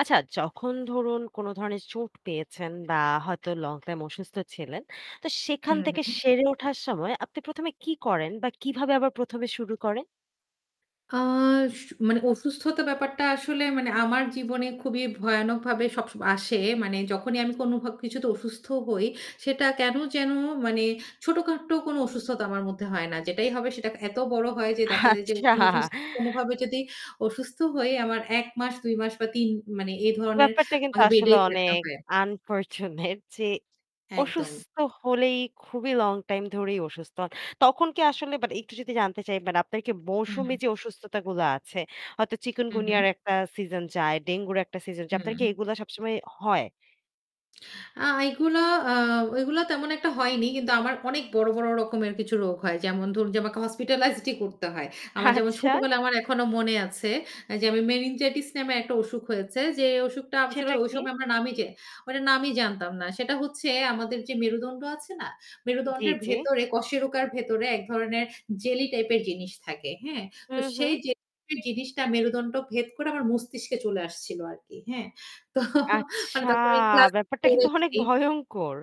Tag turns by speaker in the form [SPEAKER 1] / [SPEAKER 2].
[SPEAKER 1] আচ্ছা যখন ধরুন কোন ধরনের চোট পেয়েছেন বা হয়তো লং টাইম অসুস্থ ছিলেন তো সেখান
[SPEAKER 2] হুম,
[SPEAKER 1] থেকে
[SPEAKER 2] হুম।
[SPEAKER 1] সেরে ওঠার সময় আপনি ১ম এ কি করেন বা কিভাবে আবার ১ম এ শুরু করেন?
[SPEAKER 2] আ আস মানে অসুস্থতা ব্যাপারটা আসলে মানে আমার জীবনে খুবই ভয়ানকভাবে সবসময় আসে, মানে যখনই আমি কোনভব কিছুতে অসুস্থ হই সেটা কেন যেন মানে ছোটখাটো কোন অসুস্থতা আমার মধ্যে হয় না। যেটাই হবে সেটা এত বড় হয় যে দেখা যায় যে
[SPEAKER 1] আচ্ছা।
[SPEAKER 2] কোন অসুস কোনভাবেই যদি অসুস্থ হই আমার ১ মাস ২ মাস বা ৩ মানে এ ধরনের
[SPEAKER 1] ব্যাপারটা কিন্তু আসলে
[SPEAKER 2] বেডেই থাকতে
[SPEAKER 1] অনেক
[SPEAKER 2] হয়।
[SPEAKER 1] আনফরচুনেট যে
[SPEAKER 2] একদম।
[SPEAKER 1] অসুস্থ হলেই খুবই লং টাইম ধরেই অসুস্থ হন। তখন কি আসলে বাট একটু যদি জানতে চাই আপনার কি
[SPEAKER 2] হু,
[SPEAKER 1] মৌসুমী
[SPEAKER 2] হুম।
[SPEAKER 1] যে অসুস্থতা গুলো আছে, হয়তো
[SPEAKER 2] হু, হুম।
[SPEAKER 1] চিকুনগুনিয়ার একটা সিজন যায়, ডেঙ্গুর একটা সিজন যায়। আপনার কি
[SPEAKER 2] হুম।
[SPEAKER 1] এগুলা সবসময় হয়?
[SPEAKER 2] আ এইগুলা আ ওইগুলা তেমন একটা হয়নি। কিন্তু আমার অনেক বড়, বড় রকমের কিছু রোগ হয়। যেমন ধরু যে আমাকে হসপিটালাইজড ই করতে হয়। আমার যেমন
[SPEAKER 1] আচ্ছা।
[SPEAKER 2] ছোটবেলায় আমার এখনো মনে আছে যে আমি মেনিনজাইটিস নামে একটা অসুখ হয়েছে। যে অসুখটা আসলে
[SPEAKER 1] সেটা
[SPEAKER 2] ঐ
[SPEAKER 1] কি?
[SPEAKER 2] সময় আমরা নামই যে ওইটার নামই জানতাম না। সেটা হচ্ছে আমাদের যে মেরুদন্ড আছে না,
[SPEAKER 1] জ্বী,
[SPEAKER 2] মেরুদণ্ডের
[SPEAKER 1] জ্বী।
[SPEAKER 2] ভেতরে কশেরোকার ভেতরে এক ধরনের জেলি টাইপের জিনিস থাকে। হ্যাঁ?
[SPEAKER 1] হু,
[SPEAKER 2] তো
[SPEAKER 1] হু।
[SPEAKER 2] সেই জেলি জিনিসটা মেরুদণ্ড ভেদ করে আমার মস্তিষ্কে চলে আসছিল আরকি। হ্যাঁ। তো
[SPEAKER 1] আচ্ছা!
[SPEAKER 2] তখন আমি ক্লাস
[SPEAKER 1] ব্যাপারটা
[SPEAKER 2] ৪
[SPEAKER 1] কিন্তু অনেক
[SPEAKER 2] পড়ি।
[SPEAKER 1] ভয়ংকর।